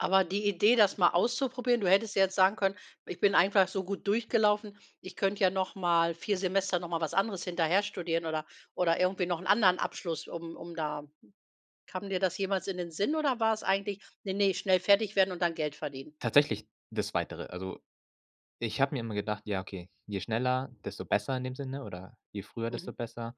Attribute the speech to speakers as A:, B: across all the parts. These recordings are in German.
A: Aber die Idee, das mal auszuprobieren du hättest jetzt sagen können: „Ich bin einfach so gut durchgelaufen, ich könnte ja noch mal 4 Semester noch mal was anderes hinterher studieren oder oder irgendwie noch 'n anderen Abschluss, um um da“ Kam dir das jemals in den Sinn oder war es eigentlich: „Ne, ne, schnell fertig werden und dann Geld verdienen?“
B: Tatsächlich das Zweitere, also, ich habe mir immer gedacht: „Ja, okay, je schneller, desto besser“ in dem Sinne oder: „Je früher, desto
A: Mhm.
B: besser.“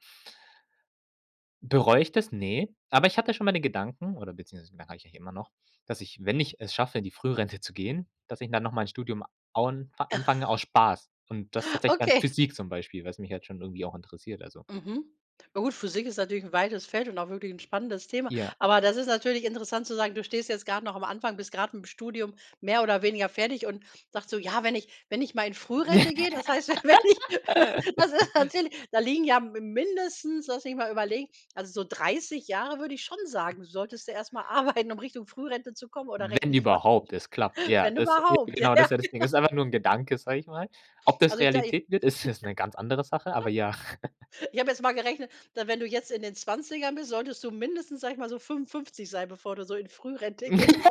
B: Bereu ich das? Ne. Aber ich hatte schon mal den Gedanken oder beziehungsweise merke ich eigentlich immer noch, dass ich, wenn ich es schaffe, in die Frührente zu gehen, dass ich dann nochmal 'n Studium aun anfange aus Spaß und das tatsächlich dann
A: Okay.
B: Physik, zum Beispiel, was mich jetzt schon irgendwie auch interessiert, also.
A: Mhm. Ja gut, Physik ist natürlich 'n weites Feld und auch wirklich 'n spannendes Thema.
B: Ja.
A: Aber das ist natürlich interessant zu sagen, du stehst jetzt grad noch am Anfang, bist grad mit'm Studium mehr oder weniger fertig und sagst so: „Ja, wenn ich wenn ich mal in Frührente gehe, das heißt, wenn ich“ Das ist natürlich da liegen ja m mindestens, lass mich mal überlegen, also, so 30 Jahre würde ich schon sagen, solltest du erst mal arbeiten, um Richtung Frührente zu kommen oder
B: Wenn
A: rechne ich falsch?
B: überhaupt es klappt. Ja,
A: Wenn
B: das ja,
A: überhaupt. Ja,
B: genau, das
A: ja,
B: ist ja das Ding.
A: genau.
B: Ist einfach nur 'n Gedanke, sage ich mal. Ob das
A: Also, ich da ich
B: Realität wird, ist jetzt 'ne ganz andere Sache, aber ja.
A: Ich habe jetzt mal gerechnet, da wenn du jetzt in den Zwanzigern bist, solltest du mindestens, sage ich mal, so 55 sein, bevor du so in Frührente gehst.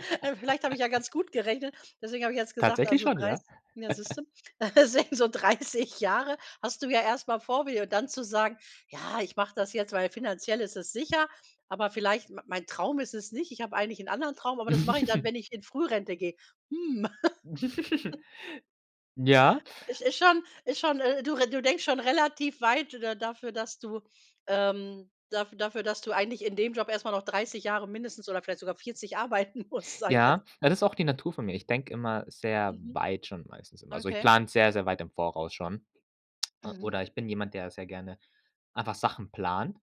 A: Vielleicht habe ich ja ganz gut gerechnet. Deswegen habe ich jetzt gesagt,
B: Tatsächlich
A: also,
B: schon, ja.
A: 30 ja, siehst du, sä so 30 Jahre hast du ja erst mal vor dir. Und dann zu sagen: „Ja, ich mache das jetzt, weil finanziell ist es sicher, aber vielleicht m mein Traum ist es nicht. Ich habe eigentlich 'n anderen Traum, aber das mache ich dann, wenn ich in Frührente gehe.“ Hm.
B: Ja.
A: Is ist schon ist schon, äh, du re denkst schon relativ weit da dafür, dass du, ähm dafür, dass du eigentlich in dem Job erst mal noch 30 Jahre mindestens oder vielleicht sogar 40 arbeiten musst, sage ich jetzt.
B: Ja, das ist auch die Natur von mir. Ich denke immer sehr
A: Mhm,
B: weit schon, meistens immer. Also, ich
A: okay.
B: plane sehr, sehr weit im Voraus schon.
A: Mhm.
B: Oder ich bin jemand, der sehr gerne einfach Sachen plant.